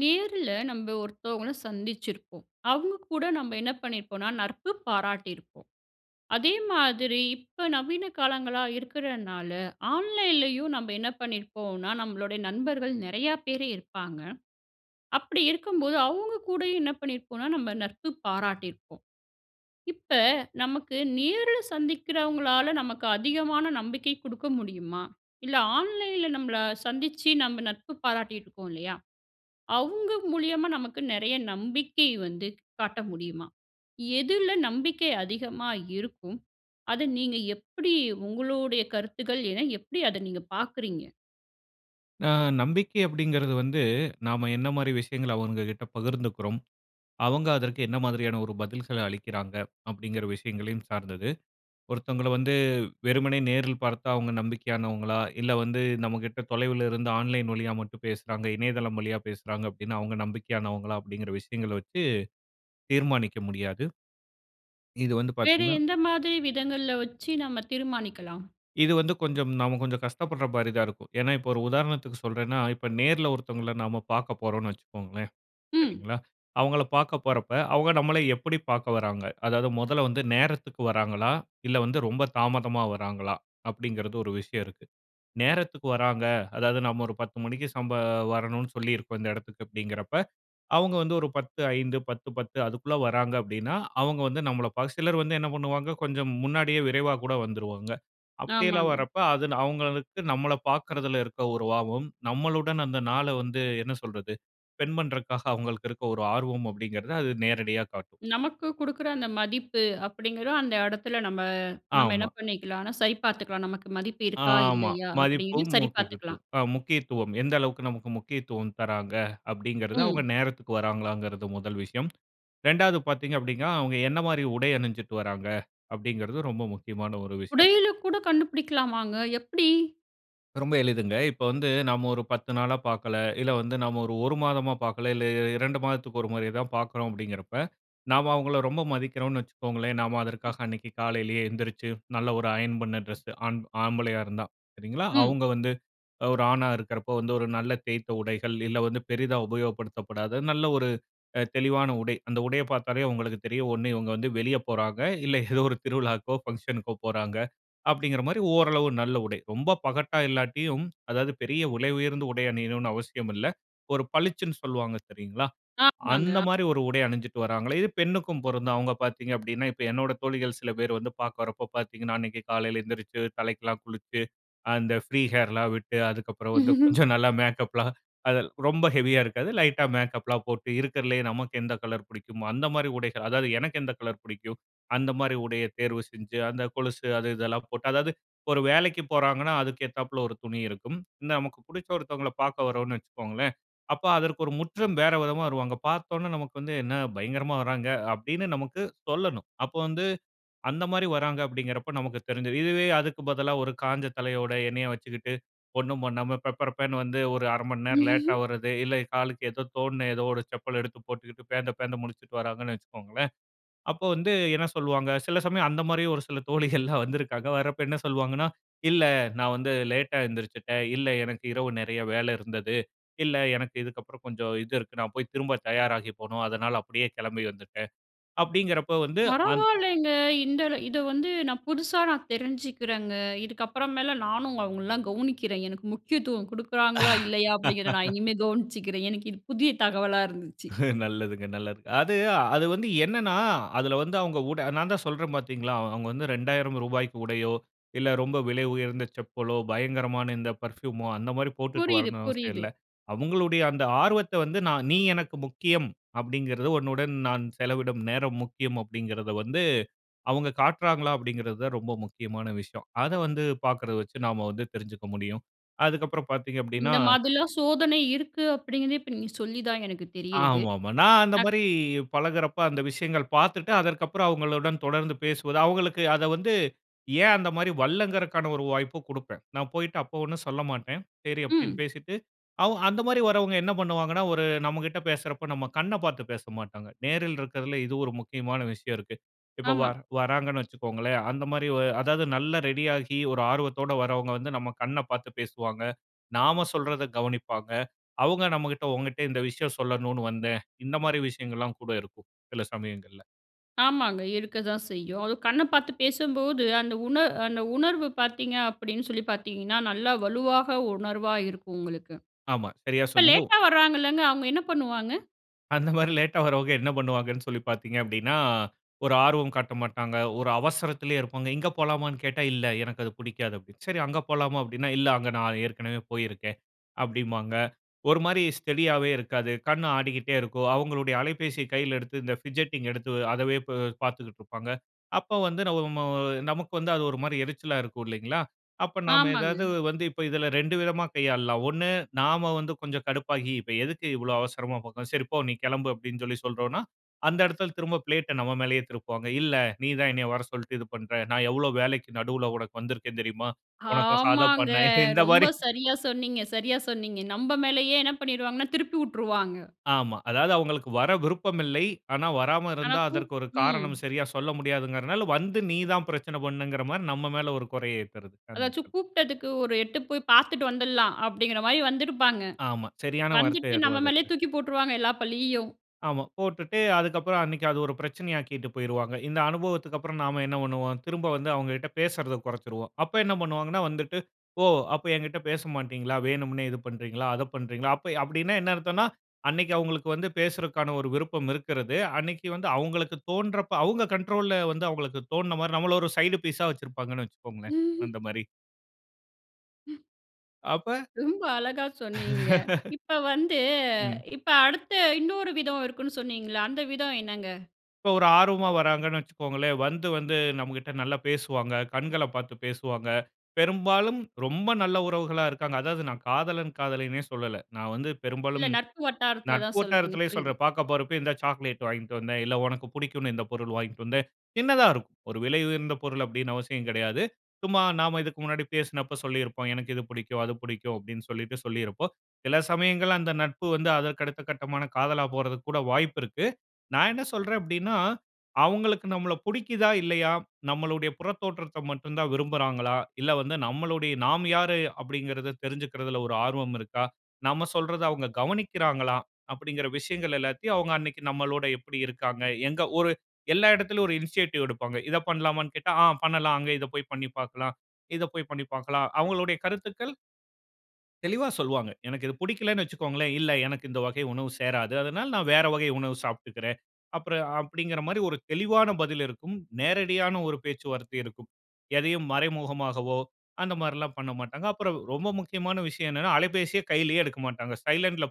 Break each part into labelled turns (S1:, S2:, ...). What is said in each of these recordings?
S1: நேரில நம்ப ஒருத்தவங்களை சந்திச்சிருப்போம். அவங்க கூட நம்ப என்ன பண்ணியிருப்போன்னா, நட்பு பாராட்டியிருப்போம். அதே மாதிரி இப்போ, நவீன காலங்களா இருக்குறனால, ஆன்லைன்லேயும் நம்ப என்ன பண்ணியிருப்போன்னா, நம்மளுடைய நண்பர்கள் நிறைய பேர் இருப்பாங்க. அப்படி இருக்கும்போது, அவங்க கூடயும் என்ன பண்ணியிருப்போம்னா, நம்ப நட்பு பாராட்டியிருப்போம். இப்ப நமக்கு நேருல சந்திக்குறவங்களால நமக்கு அதிகமான நம்பிக்கை குடுக்க முடியுமா? இல்ல ஆன்லைன்ல நம்பள சந்திச்சு நம்ப நட்பு பாராட்டிட்டு இருக்கோம் இல்லயா, அவங்க மூலியமா நமக்கு நிறைய நம்பிக்கை வந்து காட்ட முடியுமா? எதுல நம்பிக்கை அதிகமா இருக்கும். அத நீங்க எப்படி உங்களுடைய கருத்துக்கள் என்ன? எப்படி அத நீங்க பாக்குறீங்க?
S2: அ. நம்பிக்கை அப்படிங்குறது வந்து, நம்ப என்ன மாரி விஷயங்கள்ல, அவங்க கிட்ட பகிர்ந்துக்குறோம். அவங்க அதற்கு என்ன மாரியான ஒரு பதில்கள்ல அளிக்கிறாங்க. அப்படிங்குற விஷயங்களையும் சார்ந்தது, ஒருத்தவங்களை வந்து வெறுமனே நேரில் பாத்தா, அவங்க நம்பிக்கையானவங்களா? இல்ல, வந்து நம்மகிட்ட தொலைவிலிருந்து ஆன்லைன் வழியா மட்டும் பேசுறாங்க. இணையதளம் வழியா பேசுறாங்க அப்டீன்னா, அவங்க நம்பிக்கையானவங்களா? அப்டீங்குற விஷயங்கள்ல வச்சு தீர்மானிக்க முடியாது. இது வந்து
S1: வேற
S2: பாத்தீங்கன்னா
S1: எந்த மாதிரி விதங்கள்ல வைச்சி நம்ப தீர்மானிக்கலாம்?
S2: இது வந்து கொஞ்சம் நம்ப கொஞ்சம் கஷ்டப்படுற மாரி தான் இருக்கும். ஏன்னா, இப்போ ஒரு உதாரணத்துக்கு சொல்லுறேன்னா, இப்போ நேர்ல ஒருத்தவங்கள்ல நாம்ப பார்க்க போறோம்னு வைச்சுக்கோங்களேன்,
S1: ம்.
S2: சரிங்களா? அவங்கள பார்க்க போறப்ப அவங்க நம்பள எப்படி பார்க்க வர்றாங்க? அதாவது மொதல வந்து நேரத்துக்கு வராங்களா? இல்ல வந்து ரொம்ப தாமதமா வராங்களா? அப்படிங்குறது ஒரு விஷயம் இருக்கு. நேரத்துக்கு வராங்க, அதாவது நம்ப ஒரு 10 மணிக்கு சம்ப வரணும்னு சொல்லியிருக்கோம். இந்த இடத்துக்கு அப்டீங்கிறப்ப, அவங்க வந்து ஒரு 10:05, 10:10 அதுக்குள்ள வராங்க அப்டீன்னா, அவங்க வந்து நம்பள ப சிலர் வந்து என்ன பண்ணுவாங்க, கொஞ்சம் முன்னாடியே விரைவா கூட வந்துருவாங்க. அப்படியெல்லாம்
S1: ஆமாங்க.
S2: வரப்ப அது அவங்களுக்கு நம்பள பாக்குறதுல இருக்குற ஒரு ஆர்வம் நம்பளுடன் அந்த நாள வந்து, என்ன சொல்றது? ஸ்பெண்ட் பண்ணுறக்காக, அவங்களுக்கு இருக்குற ஒரு ஆர்வம் அப்டீங்கிறத அது நேரடியா காட்டும்.
S1: நமக்கு குடுக்குற அந்த மதிப்பு அப்படிங்குறது, அந்த இடத்துல நம்ப நம்ப என்ன
S2: ஆமா.
S1: பண்ணிக்கலானா. சரி பாத்துக்கலாம். நமக்கு மதிப்பு இருக்கா?
S2: ஆமா.
S1: இல்லயா? அப்படின்னு
S2: மதிப்பும்
S1: சரி பாத்துக்கலாம்.
S2: முக்கியத்துவம் அ முக்கியத்துவம் எந்த அளவுக்கு நமக்கு முக்கியத்துவம் தராங்க? அப்டீங்குறது அவங்க
S1: ம்.
S2: நேரத்துக்கு வர்றாகளாங்குறது முதல் விஷயம். 2வது பாத்தீங்க அப்டீன்னா, அவங்க என்ன மாரி உடை அணிஞ்சிட்டு வராங்க? அப்படிங்குறது ரொம்ப முக்கியமான ஒரு விஷயம்.
S1: உடையில கூட கண்டுபிடிக்கலாமாங்க எப்படி?
S2: ரொம்ப எளிதுங்க. இப்ப வந்து நம்ம ஒரு 10 நாளா பார்க்கல, இல்ல வந்து நம்ம 1 மாதமா பார்க்கல, இல்ல இ 2 மாதத்துக்கு 1 முறை தான் பார்க்கறோம் அப்படின்கிறப்ப நாம அவுங்கள ரொம்ப மதிக்கிறோம்னு வச்சுக்கோங்களேன். நாம அதற்காக அன்னைக்கு காலையிலயே எழுந்திருச்சு நல்ல ஒரு அயன் பண்ண ட்ரெஸ்சு ஆம் ஆம்பளயா இருந்தா சரிங்களா.
S1: ம்.
S2: அவுங்க வந்து அ ஒரு ஆணா இருக்குறப்ப வந்து ஒரு நல்ல தேய்த்த உடைகள், இல்ல வந்து பெரிதா உபயோகப்படுத்தப்படாத நல்ல ஒரு அ தெளிவான உடை அந்த உடைய பார்த்தாலே உங்களுக்கு தெரியும் ஒண்ணு இவங்க வந்து வெளிய போறாங்க, இல்ல ஏதோ ஒரு திருவிழாக்கோ, பங்ஷனுக்கோ போறாங்க. அப்படிங்கிற மாதிரி ஓரளவு நல்ல உடை. ரொம்ப பகட்டா இல்லாட்டியும் அதாவது பெரிய விலை உயர்ந்த உடை அணியணும்னு அவசியம் இல்ல. ஒரு பளிச்சுன்னு சொல்லுவாங்க சரிங்களா?
S1: ஆமாங்க.
S2: அந்த
S1: ஆ
S2: மாதிரி ஒரு உடை அணிஞ்சுட்டு வர்றாங்கலே இது பெண்ணுக்கும் பொருந்தும். அவுங்க பார்த்தீங்க அப்படின்ன இப்ப என்னோட தோழிகள் சில பேர் வந்து பார்க்க வரப்ப பார்த்தீங்கன்னா, அன்னைக்கு காலையில எழுந்திருச்சு தலைக்கெல்லா குளிச்சு அந்த ப்ரீ ஹேர்லா விட்டு அதற்கு அப்புறம் வந்து கொஞ்சம் நல்லா மேக்கப்லா அதெ ரொம்ப ஹெவியா இருக்காது லைட்டா மேக்கப்லா போட்டு, இருக்குறதிலயே நமக்கு எந்த கலர் புடிக்கும். அந்த மாதிரி உடைகள். அதாவது எனக்கு எந்த கலர் பிடிக்கும். அந்த மாதிரி உடைய தேர்வு செய்ஞ்சு, அந்த கொலுசு அது இதெல்லா போட்டு அதாவது ஒரு வேலைக்கி போறாங்கன்னா அதுக்கு ஏத்தாப்புல ஒரு துணி இருக்கும். இந்த நமக்கு புடிச்ச ஒருத்தவங்கள பார்க்க வரறோம்ன்னு வச்சுக்கோங்களேன் அப்ப அதற்கு ஒரு முற்றும் வேற விதமா வருவாங்க. பார்த்த உடனே நமக்கு வந்து, "என்ன பயங்கரமா வறாங்க!" அப்படீன்னு நமக்கு சொல்லணும். அப்போ வந்து அந்த மாதிரி வறாங்க அப்படிங்கிறப்ப நமக்கு தெரிஞ்சிரும். இதுவே அதுக்கு பதிலா ஒரு காஞ்ச தலையோட எண்ணெய்ய வச்சுக்கிட்டு ஒண்ணும் பண்ணாம பெப்பரபேன்னு வந்து ஒரு 1/2 மணி நேரம் லேட்டா வரது. இல்ல காலுக்கு ஏதோ தோணுன ஏதோ ஒரு செப்பல எடுத்து போட்டுக்கிட்டு பேந்த பேந்த முழிச்சுட்டு வராங்கன்னு வச்சுக்கோங்களேன். அப்போ வந்து என்ன சொல்லுவாங்க? சில சமயம் அந்த மாதிரி ஒரு சில தோழிகள்லாம் வந்திருக்காங்க. வரப்போ என்ன சொல்லுவாங்கன்னா, "இல்ல நான் வந்து லேட்டா எந்திரிச்சிட்டேன். இல்ல எனக்கு இரவு நிறைய வேலை இருந்தது. இல்ல எனக்கு இதுக்கப்புறம் கொஞ்சம் இது இருக்கு, நான் போய் திரும்ப தயாராகி போணும். அதனால அப்படியே கிளம்பி வந்துட்டேன்." அப்படிங்கிறப்ப வந்து அந்
S1: பரவால்லைங்க. இந்த இதை வந்து நான் புதுசா நான் தெரிஞ்சிக்கிறேங்க. இதுக்கப்புறமேல நானும் அவங்கள்லாம் கவனிக்கிறேன் எனக்கு முக்கியத்துவம் கொடுக்குறாங்களா? இல்லையா? அப்படிங்கிறத நான் இனிமே கவனிச்சிக்கிறேன். எனக்கு இது புதிய தகவலா இருந்துச்சி.
S2: நல்லதுங்க நல்லது. அது அது வந்து என்னன்னா அதுல வந்து அவுங்க உடை நான் தான் சொல்றேன் பார்த்தீங்களா, அவுங்க வந்து 2000 ரூபாய்க்கு உடையோ, இல்ல ரொம்ப விலை உயர்ந்த செப்பலோ, பயங்கரமான இந்த பர்ஃபூமோ இந்த மாதிரி போட்டுட்டு
S1: புரியுது,
S2: வரணும் அவசியம்
S1: புரியுது.
S2: இல்ல. அவுங்களுடைய அந்த ஆர்வத்த வந்து நான் நீ எனக்கு முக்கியம் அப்படிங்கிறது. "உன்னுடன் நான் செலவிடும் நேரம் முக்கியம்" அப்படிங்கறத வந்து அவுங்க காட்றாங்களா அப்படிங்கிறது தான் ரொம்ப முக்கியமான விஷயம். அதை வந்து பார்க்குறத வச்சு நாம வந்து தெரிஞ்சுக்க முடியும். அதுக்கப்புறம் பார்த்தீங்க அப்படின்னா.
S1: இந்த மாதிரிலா சோதனை இருக்கு அப்படிங்கிறதே இப்ப நீங்க சொல்லி தான் எனக்கு தெரிகிறது.
S2: ஆமா, ஆமா. நான் அந்த
S1: நா
S2: மாரி பழகுறப்ப, அந்த விஷயங்கள் பார்த்துட்டு அதற்கு அப்புறம் அவங்களுடன் தொடர்ந்து பேசுவது அவுங்களுக்கு அதை வந்து ஏன் அந்த மாதிரி வரலங்கிறதுக்கான ஒரு வாய்ப்பும் குடுப்பேன். நான் போய்ட்டு அப்ப ஒண்ணும் சொல்லமாட்டேன். சரி அப்படீன்னு
S1: ம்.
S2: பேசிட்டு. அவு அந்த மாதிரி வரவங்க என்ன பண்ணுவாங்கன்னா ஒரு நம்மகிட்ட பேசுறப்ப நம்ம கண்ணப் பார்த்து பேசமாட்டாங்க. நேரில் இருக்கிறதுல இது ஒரு முக்கியமான விஷயம் இருக்கு. இப்ப
S1: ஆமா.
S2: வரா வராங்கன்னு வச்சுக்கோங்களேன். அந்த மாதிரி அதாவது நல்லா ரெடியாகி ஒரு ஆர்வத்தோட வரவங்க வந்து நம்ம கண்ண பாத்து பேசுவாங்க. நாம சொல்றதை கவனிப்பாங்க. அவுங்க நம்மகிட்ட, "உன்கிட்ட இந்த விஷயம் சொல்லணும்னு வந்தேன்." இந்த மாதிரி விஷயங்கள்லா கூட இருக்கும் சில சமயங்கள்ல.
S1: ஆமாங்க. இருக்க தான் செய்யும். அதுவும் கண்ண பார்த்து பேசும்போது, அந்த உண அந்த உணர்வு பார்த்தீங்க அப்படின்னு சொல்லி பார்த்தீங்கன்னா, நல்லா வலுவாக உணர்வா இருக்கும் உங்களுக்கு.
S2: ஆமா. சரியா
S1: இப்ப
S2: சொன்னீங்க. உ
S1: லேட்டா வராங்கல்லங்க அவங்க என்ன பண்ணுவாங்க?
S2: அந்த மாரி லேட்டா வர்றவங்க என்ன பண்ணுவாங்கன்னு சொல்லி பார்த்தீங்க அப்படீன்னா, ஒரு ஆர்வம் காட்ட மாட்டாங்க, ஒரு அவசரத்துலே இருப்பாங்க.இங்க போலாமான்னு கேட்டா, "இல்ல எனக்கு அது புடிக்காது" அப்படின்னு, "சரி அங்க போலாமா?" அப்டின்னா. "இல்ல அங்க நான் ஏற்கனவே போயிருக்கேன்." அப்படிம்பாங்க. ஒரு மாரி ஸ்டடியாவே இருக்காது. கண் ஆடிகிட்டே இருக்கும். அவங்களுடைய அலைபேசிய கையில எடுத்து, இந்த ஃபிட்ஜெட்டிங் எடுத்து அதவே பு பார்த்துக்கிட்டு இருப்பாங்க. அப்போ வந்து நம்மோ நமக்கு வந்து அது ஒரு மாரி எரிச்சலா இருக்கும். இல்லைங்களா? அப்ப நாம
S1: ஆமாங்க.
S2: ஏதாவது வந்து இப்ப இதுல 2 விதமா கையாளலாம். 1 நாம வந்து கொஞ்சம் கடுப்பாகி, "இப்ப எதுக்கு இவ்வளோ அவசரமா போகணும்?" "சரி போ! நீ கெளம்பு" அப்டின்னு சொல்லி சொல்றோன்னா. அந்த எடத்துல திரும்ப பிளேட்ட நம்ம மேலேயே திருப்புவாங்க. "இல்ல. நீ தான் என்னைய வர சொல்லிட்டு இது பண்ற, நான் எவ்வளோ வேலைக்கு நடுவுல உனக்கு வந்துருக்கேன் தெரியுமா? உனக்காக அத
S1: ஆமாங்க.
S2: பண்ணேன்." இந்த
S1: ரொம்ப
S2: மாரி
S1: சரியா சொன்னீங்க, சரியா சொன்னீங்க. நம்ப மேலயே என்ன பண்ணீருவாங்கன்னா, திருப்பி வுட்டுருவாங்க.
S2: ஆமா. அதாவது அவங்களுக்கு வர விருப்பம் இல்லை. ஆனா வராம
S1: ஆனா,
S2: இருந்தா,
S1: பு
S2: அதற்கு ஒரு
S1: ம்.
S2: காரணம் சரியா சொல்ல முடியாதுங்கறதுனால வந்து, நீ தான் பிரச்சனை பண்ணங்கிற மாரி நம்ம மேல ஒரு கொறைய ஏத்துறது..
S1: "அதாச்சும்
S2: [unintelligible]
S1: கூப்பிட்டதுக்கு ஒரு எட்டு போய் பார்த்துட்டு வந்துர்லாம்" அப்படிங்கிற மாரி வந்திருப்பாங்க.
S2: ஆமா சரியான வார்த்தை
S1: வந்துட்டு நம்ம
S2: அதுவாக
S1: மேலயே
S2: இருக்கு.
S1: தூக்கி போட்டுருவாங்க எல்லா பழியையும்.
S2: ஆமா. போட்டுட்டு அதுக்கப்பறம், அன்னைக்கு அது ஒரு பிரச்சனையாக்கிட்டு போய்ருவாங்க. இந்த அனுபவத்துக்கப்புறம், நாம என்ன பண்ணுவோம்? திரும்ப வந்து அவங்ககிட்ட பேசுறத கொறச்சிருவோம். அப்ப என்ன பண்ணுவாங்கன்னா வந்துட்டு, "ஓ அப்ப என்கிட்ட பேசமாட்டீங்களா? வேணும்னே இது பண்றீங்களா? அத பண்றீங்களா?" அப்ப அப்படீன்னா என்ன அர்த்தம்ன்னா, அன்னைக்கு அவங்களுக்கு வந்து பேசுருதற்கான ஒரு விருப்பம் இருக்குறது. அன்னைக்கு வந்து அவங்களுக்கு தோன்றப்ப அவங்க கண்ட்ரோல்ல வந்து, அவங்களுக்கு தோன்ன மாரி நம்மள ஒரு சைடு பீஸ்ஸா வச்சிருப்பாங்கன்னு வச்சுக்கோங்களேன்.
S1: ம்ஹ்ம்.
S2: அந்த மாரி.
S1: ம்.
S2: அப்ப
S1: ரொம்ப அழகா சொன்னீங்க. இப்ப வந்து
S2: ம்.
S1: இப்ப அடுத்த இன்னொரு விதம் இருக்குன்னு சொன்னீங்கள்ல, அந்த விதம் என்னங்க?
S2: இப்போ ஒரு ஆர்வமா வராங்கன்னு வச்சிக்கோங்களேன். வந்து வந்து நமக்கிட்ட நல்லா பேசுவாங்க. கண்கள பார்த்து பேசுவாங்க. பெரும்பாலும் ரொம்ப நல்ல உறவுகளாக இருக்காங்க. அதாவது, நான் காதலன் காதலின்னே சொல்லல. நான் வந்து
S1: இல்ல
S2: பெரும்பாலும்
S1: நட்பு வட்டாரத்தில
S2: நட்பு
S1: தான் சொல்றீங்க.
S2: வட்டாரத்திலே
S1: புரியுது.
S2: சொல்றேன். பார்க்க போறப்பே இந்தா சாக்லேட் வாங்கிட்டு வந்தேன். இல்ல உனக்கு பிடிக்குன்னு இந்த பொருள் வாங்கிட்டு வந்தேன். சின்னதாக இருக்கும். ஒரு விலை உயர்ந்த பொருள் அப்டீன்னு அவசியம் கிடையாது. சும்மா நாம்ம இதுக்கு முன்னாடி பேசினப்ப சொல்லியிருப்போம். எனக்கு இது பிடிக்கும், அது பிடிக்கும். அப்டீன்னு சொல்லிட்டு சொல்லியிருப்போம். சில சமயங்கள் அந்த நட்பு வந்து அதற்கு அடுத்த கட்டமான காதலா போறதுக்குக் கூட வாய்ப்பு இருக்கு. நான் என்ன சொல்றேன் அப்டீன்னா, அவுங்களுக்கு நம்மள புடிக்கிதா? இல்லயா? நம்மளுடைய புறத்தோற்றத்த மட்டும் தான் விரும்புறாங்களா? இல்ல வந்து நம்மளுடைய நாம் யாரு? அப்டீங்கிறத தெரிஞ்சிக்கிறதுல ஒரு ஆர்வம் இருக்கா? நம்ம சொல்றத அவுங்க கவனிக்கிறாங்களா? அப்டீங்கிற விஷயங்கள் எல்லாத்தையும் அவுங்க அன்றைக்கு நம்மளோட எப்பிடி இருக்காங்க? எங்க ஒரு எல்லா இடத்திலேயும் ஒரு இனிஷியேட்டிவ் எடுப்பாங்க. இத பண்லாமான்னு கேட்டா, ஆ பண்ணலாம். அங்க இத போய் பண்ணி பார்க்கலாம். இதை போய் பண்ணி பார்க்கலாம். அவுங்களுடைய கருத்துக்கள். தெளிவா சொல்வாங்க. எனக்கு இது பிடிக்கலனு வச்சுக்கோங்களேன் இல்ல எனக்கு இந்த வகை உணவு சேராது. அதனால நான் வேற வகை உணவு சாப்பிட்டுக்கிறேன். அப்புறம் அப்படிங்கற மாரி ஒரு தெளிவான பதில் இருக்கும். நேரடியான ஒரு பேச்சுவார்த்தை இருக்கும். எதையும் மறைமுகமாகவோ அந்த மாதிரிலாம் பண்ணமாட்டாங்க. அப்புறம் ரொம்ப முக்கியமான விஷயம் என்னன்னா அலைபேசிய கையிலயே எடுக்க மாட்டாங்க. சைலன்ட்ல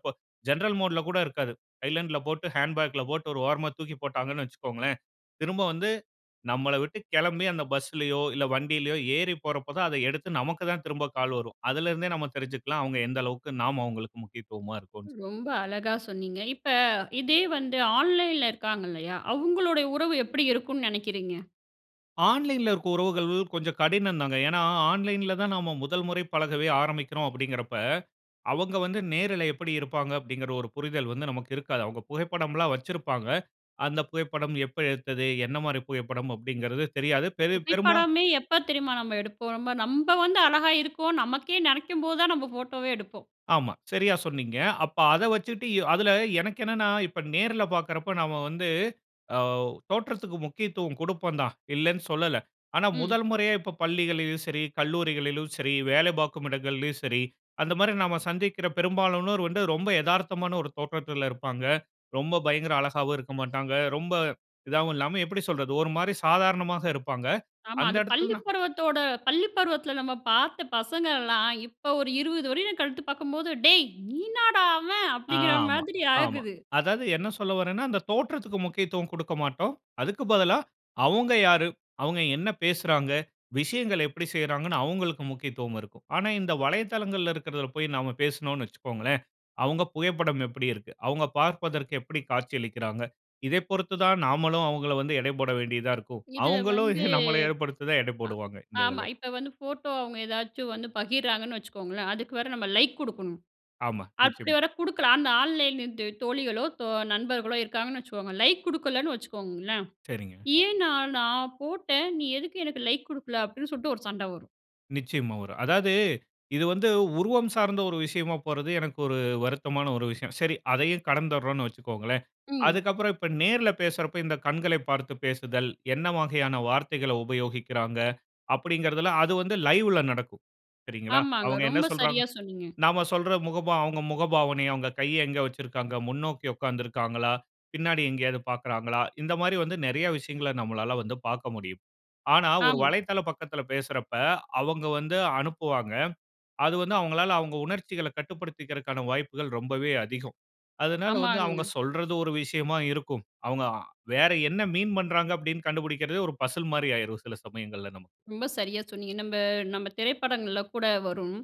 S2: ஜெனரல் மோட்ல கூட இருக்காது. சைலன்ட்ல போட்டு ஹேண்ட் பாக்ல போட்டு ஒரு ஓரமா தூக்கி போட்டாங்கனு வச்சுக்கோங்களேன். திரும்ப வந்து நம்மள விட்டு கிளம்பி அந்த பஸ் லையோ இல்ல வண்டியிலோ ஏறி போற போது தான் அத எடுத்து நமக்கு தான் திரும்ப கால் வரும். அதில இருந்தே நம்ம தெரிஞ்சி கொள்ளலாம் அவங்க எந்த அளவுக்கு நாம்ம அவங்களுக்கு முக்கியத்துவமா இருக்றோன்னு சொல்லி.
S1: ரொம்ப அழகா சொன்னீங்க. இப்ப இதே வந்து ஆன்லைன்ல இருக்காங்க. இல்லையா, அவங்களுடைய உறவு எப்படி இருக்கும்னு நினைக்கிறீங்க?
S2: ஆன்லைன்ல இருக்க உறவுகள் கொஞ்சம் கடினம் தாங்க. ஏன்னா ஆன்லைன்ல தான் நம்ம முதல்முறை பழகவே ஆரம்பிக்கிறோம் அப்படிங்கற அப்ப, அவங்க வந்து நேருல எப்படி இருப்பாங்க அப்படிங்கற ஒரு புரிதல் வந்து நமக்கு இருக்காது. அவங்க புகைப்படம்ல்லாம் வச்சிருப்பாங்க. அந்த புகைப்படம் எப்ப எடுத்தது? என்ன மாரி புகைப்படம் அப்படிங்கறது தெரியாது. பெரு பெரும்பா
S1: புகைப்படமே, எப்ப தெரியுமா நம்ம எடுப்போம். நம்ம நம்ப வந்து அழகா இருக்கோம். நமக்கே நெனைக்கும் போதுதான், நம்ம போட்டோவே எடுப்போம்.
S2: ஆமா. சரியா சொன்னீங்க. அப்ப அத வச்சிட்டு அதில எனக்கு என்னன்னா இப்ப நேர்ல பார்க்குறப்ப நம்ம வந்து ஆ தோற்றத்துக்கு முக்கியத்துவம் கொடுப்போம் தான் இல்லனு சொல்லல. ஆனா
S1: ம்.
S2: முதல் முறையா இப்ப பள்ளிகள்யும் சரி கல்லூரிகளிலும் சரி, வேலை பார்க்கும் இடங்களிலும் சரி, அந்த மாரி நம்ம சந்திக்கிற பெரும்பாலானோர் வந்து ரொம்ப எதார்த்தமான ஒரு தோற்றத்தில இருப்பாங்க. ரொம்ப பயங்கர அழகாவும் இருக்க மாட்டாங்க. ரொம்ப இதாகவும் இல்லாம எப்படி சொல்றது ஒரு மாரி சாதாரணமாக இருப்பாங்க.
S1: ஆமா.
S2: அந்த
S1: அது பள்ளி
S2: இடத்திலனா.
S1: பருவத்தோட பள்ளி பருவத்தில நம்ம பார்த்த பசங்கள்லாம், இப்ப ஒரு 20 வருடம் கழித்துப் பார்க்கும்போது, "டேய், நீன்னாடா அவன்"
S2: ஆ.
S1: அப்படிங்கிற
S2: ஆமா.
S1: மாதிரி
S2: ஆமா.
S1: ஆகுது.
S2: அதாவது என்ன சொல்ல வரேன்னா அந்த தோற்றத்துக்கு முக்கியத்துவம் கொடுக்க மாட்டோம். அதுக்கு பதிலா அவங்க யாரு? அவங்க என்ன பேசுறாங்க விஷயங்களை எப்படி செய்றாங்கனு அவங்களுக்கு முக்கியத்துவம் இருக்கும். ஆனா இந்த வலைதளங்கள்ல இருக்கிறதுல போயி நம்ம பேசினோம்னு வச்சுக்கோங்களேன். அவங்க புகைப்படம் எப்படி இருக்கு? அவங்க பார்ப்பதற்கு எப்படி காட்சியளிக்கிறாங்க. இதை பொருத்து தான் நாமளும் அவங்கள வந்து எடை போட வேண்டியதா இருக்கும்.
S1: இதில
S2: அவங்களும்
S1: வந்து
S2: நம்மள ஏற்படுத்தி தான் எடை
S1: அ
S2: போடுவாங்க. இந்த
S1: ஆமா.
S2: இதில.
S1: இப்ப வந்து ஃபோட்டோ, அவங்க ஏதாச்சும் வந்து பகிர்றாங்கன்னு வச்சுக்கோங்களேன், அதுக்கு வேற நம்ம லைக் குடுக்கணும்.
S2: ஆமா.
S1: அப்படி
S2: நிச்சயமா.
S1: வேற குடுக்கலா, அந்த ஆன்லைன்லந்து தோழிகளோ தோ நண்பர்களோ இருக்காங்கன்னு வச்சுக்கோங்க, லைக் குடுக்கலன்னு வச்சுக்கோங்களேன்.
S2: சரிங்க.
S1: "ஏன் நான் நான் போட்டேன் நீ எதுக்கு எனக்கு லைக் குடுக்கல?" அப்படின்னு சொல்லிட்டு, ஒரு சண்டை வரும்.
S2: நிச்சயமா வரும். அதாவது, இது வந்து, உருவம் சார்ந்த ஒரு விஷயமா போறது, எனக்கு ஒரு வருத்தமான ஒரு விஷயம். சரி. அதையும் கடந்துர்ரோம்ன்னு வச்சிக்கோங்களேன்.
S1: ம்.
S2: அதுக்கப்புறம், இப்ப நேர்ல பேசுறப்ப, இந்த கண்களை பார்த்து பேசுதல், என்ன வகையான வார்த்தைகளை உபயோகிக்கிறாங்க, அப்படிங்கறதுல, அது வந்து லைவ்ல நடக்கும். சரிங்களா?
S1: ஆமாங்க
S2: அவுங்க என்ன
S1: ரொம்ப
S2: சொல்றாங்க?
S1: சரியா சொன்னீங்க!
S2: நாம சொல்ற முகபாவ அவுங்க முகபாவனை, அவுங்க கைய எங்க வச்சிருக்காங்க, முன்னோக்கி உக்காந்து இருக்காங்களா? பின்னாடி எங்கயாவது பாக்குறாங்களா? இந்த மாதிரி வந்து, நெறைய விஷயங்கள, நம்மளால வந்து பாக்க முடியும். ஆனா ஒரு
S1: ஆமா.
S2: வலைதள பக்கத்துல பேசுறப்ப, அவங்க வந்து, அனுப்புவாங்க. அது வந்து அவுங்களால அவுங்க உணர்ச்சிகள கட்டுப்படுத்திக்கிறதுக்கான வாய்ப்புகள், ரொம்பவே அதிகம். அதனால வந்து, அவுங்க
S1: ஆமாங்கங்க.
S2: சொல்றது ஒரு விஷயமா இருக்கும். அவுங்க அ வேற என்ன மீண் பண்ராங்க, அப்படின்னு கண்டுபிடிக்கிறதே, ஒரு பசில் மாரி ஆயிரும். சில சமயங்கள்ல நமக்கு.
S1: ரொம்ப சரியா சொன்னீங்க. நம்ப நம்ப திரைப்படங்கள்ள கூட வரும்.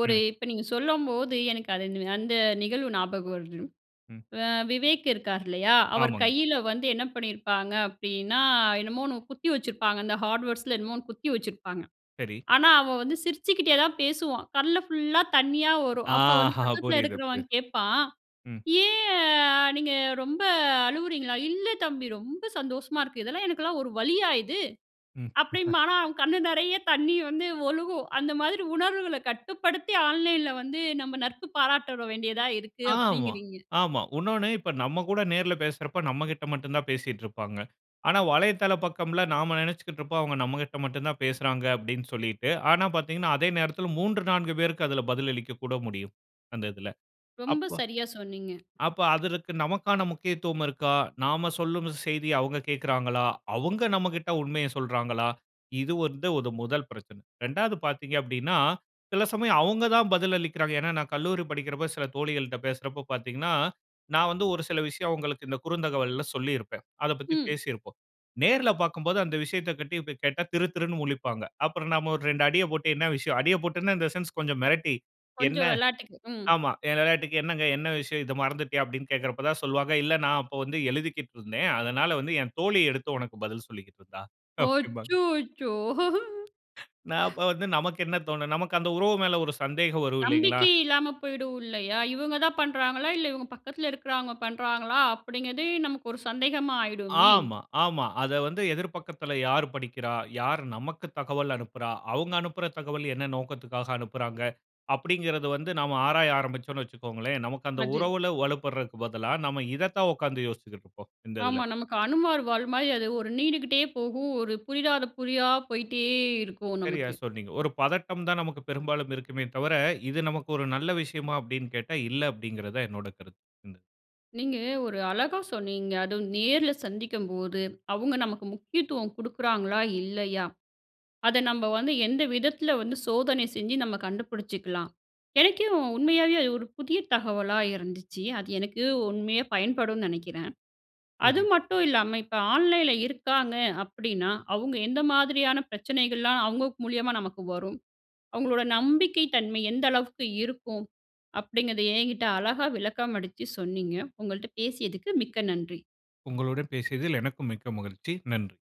S1: ஒரு
S2: ம்.
S1: இப்ப நீங்க சொல்லும்போது, எனக்கு அது அந்த நிகழ்வு ஞாபகம் வருது.
S2: ம்.
S1: அ, விவேக் இருக்கார் இல்லையா, அவர்
S2: ஆமாங்க.
S1: கையில வந்து, என்ன பண்ணிருப்பாங்க அப்டின்னா, என்னமோ ஒண்ணு குத்தி வச்சிருப்பாங்க. இந்த ஹார்ட்வேர்ட்ஸுல என்னமோ ஒண்ணு குத்தி வச்சிருப்பாங்க.
S2: சரி.
S1: ஆனா அவன் வந்து சிரிச்சுக்கிட்டே தான் பேசுவான். கண்ல ஃபுல்லா தண்ணியா வரும்.
S2: ஆ!
S1: அப்போ வந்து,
S2: ஹா,
S1: பக்கத்தில
S2: புரியுது, புரியு
S1: இருக்குறவன் கேப்பான்.
S2: ம்.
S1: "ஏன் அ நீங்க ரொம்ப அழுவுறீங்களா? "இல்ல தம்பி ரொம்ப சந்தோஷமா இருக்கு. இதெல்லாம், எனக்கெல்லாம், ஒரு வலியா இது?"
S2: ம்.
S1: அப்படிம்பான். ஆனா, அவன் கண்ணு நெறய தண்ணீ வந்து ஒழுகும். அந்த மாதிரி, உணர்வுகளை கட்டுப்படுத்தி ஆன்லைன்ல வந்து, நம்ம நட்பு பாராட்ட தொ வேண்டியதா இருக்கு.
S2: ஆமா,
S1: அப்டிங்குறீங்க.
S2: ஆமா. உன்னோன்னு, இப்ப நம்ம கூட நேர்ல பேசுறப்ப, நம்ம கிட்ட மட்டுந்தான் பேசிட்ருப்பாங்க. ஆனா வலைதள பக்கம்ல, நாம நெனச்சிக்கிட்ருப்போம், அவுங்க நம்மகிட்ட மட்டுந்தான் பேசுறாங்க. அப்டின்னு சொல்லிட்டு, ஆனா பாத்தீங்கன்னா, அதே நேரத்துல, 3,4 பேருக்கு அதில பதிலளிக்கக் கூட முடியும். அந்த இதில.
S1: ரொம்ப
S2: அப்ப
S1: சரியா சொன்னீங்க!
S2: அப்ப, அதற்கு நமக்கான முக்கியத்துவம் இருக்கா? நாம சொல்லும் செய்திய அவுங்க கேக்குறாங்களா? அவுங்க நம்மகிட்ட உண்மைய சொல்றாங்களா? இது வந்து ஒரு முதல் பிரச்சனை. 2வது பார்த்தீங்க அப்டின்னா, சில சமயம் அவுங்க தான் பதில் அளிக்கிறாங்க. ஏன்னா, நான் கல்லூரி படிக்கிறப்ப, சில தோழிகள்ட்ட பேசுறப்ப பாத்தீங்கன்னா, நான் வந்து, ஒரு சில விஷயம் அவங்களுக்கு இந்த குறுந்தகவல்ல சொல்லிருப்பேன். அதப் பத்தி
S1: ம்.
S2: பேசியிருப்போம். நேர்ல பாக்கும்போது, அந்த விஷயத்தை பத்தி கேட்டா, திருதிருன்னு முழிப்பாங்க. அப்புறம் நாம ஒரு, 2 அடிய போட்டு, என்ன விஷயம், அடிய போட்டு இன் த சென்ஸ் கொஞ்சம் மிரட்டி, என்ன?
S1: கொஞ்சம் வெளாட்டுக்கு ம்.
S2: ஆமா என் விளையாட்டுக்கு என்னங்க என்ன விஷயம், இத மறந்துட்டியா, அப்டின்னு கேக்குறப்ப தான், சொல்வாங்க. இல்ல, நான் அப்போ வந்து எழுதிகிட்ருந்தேன். அதனால வந்து, என் தோழி எடுத்து உனக்கு பதில் சொல்லிக்கிட்டிருந்தா! அப்டிம்பாங்க.
S1: அச்சசோ!
S2: நான், அப்ப வந்து, நமக்கு என்ன தோணும்? நமக்கு அந்த உறவு மேல ஒரு சந்தேகம் வரும். இல்லைங்களா?
S1: நம்பிக்கையே இல்லாம போயிடும் இல்லையா? இவங்க தான் பண்றாங்களா? இல்ல இவங்க பக்கத்துல இருக்கிறவங்க பண்றாங்களா? அப்படிங்கிறதே, நமக்கு ஒரு சந்தேகமா ஆயிடுமே!
S2: ஆமா, ஆமா. அத வந்து எதிர் பக்கத்துல யார் படிக்கிறா? யார் நமக்கு தகவல் அனுப்புறா? அவுங்க அனுப்புற தகவல் என்ன நோக்கத்துக்காக அனுப்புறாங்க? அப்டிங்கிறது வந்து, நாம ஆராய ஆரம்பிச்சோன்னு வச்சிக்கோங்களேன், நமக்கு அந்த
S1: அது.
S2: உறவுல வலுப்படுறதுக்கு பதிலா, நம்ம இத தான் உக்காந்து யோசிச்சிகிட்ருப்போம். இந்த
S1: ஆமா,
S2: இதில.
S1: நமக்கு அனுமார் வால் மாரி, அது ஒரு நீண்டுகிட்டே போகும். ஒரு புரியாத புதிரா போயிட்டே இருக்கும்
S2: சரியா
S1: நமக்கு.
S2: சொன்னீங்க. ஒரு பதட்டம் தான் நமக்கு பெரும்பாலும் இருக்குமே தவிர, இது நமக்கு ஒரு நல்ல விஷயமா, அப்டின்னு கேட்டா, இல்ல அப்படிங்கிறது தான் என்னோட கருத்து. ம்.
S1: நீங்க ஒரு அழகா சொன்னீங்க. அதுவும் நேருல சந்திக்கும்போது, அவுங்க நமக்கு முக்கியத்துவம் குடுக்குறாங்களா? இல்லையா? அத நம்ப வந்து, எந்த விதத்துல வந்து, சோதனை செஞ்சு, நம்ம கண்டுபிடிச்சிக்கலாம். எனக்கே உண்மையாவே அது ஒரு புதிய தகவலா இருந்துச்சு. அது எனக்கு உண்மையா பயன்படும் நெனைக்கிறேன். அது
S2: [unintelligible]
S1: மட்டும் இல்லாம, இப்ப ஆன்லைன்ல இருக்காங்க அப்டின்னா, அவுங்க எந்த மாதிரியான பிரச்சனைகள்லாம் அவுங்க மூலியமா நமக்கு வரும். அவுங்களோட நம்பிக்கை தன்மை எந்த அளவுக்கு இருக்கும். அப்டிங்கிறத, என்கிட்ட அழகா விளக்கமளிச்சு சொன்னீங்க. உங்கள்ட்ட பேசியதுக்கு, மிக்க நன்றி.
S2: உங்களுடன் பேசியதில் எனக்கும் மிக்க மகிழ்ச்சி. நன்றி.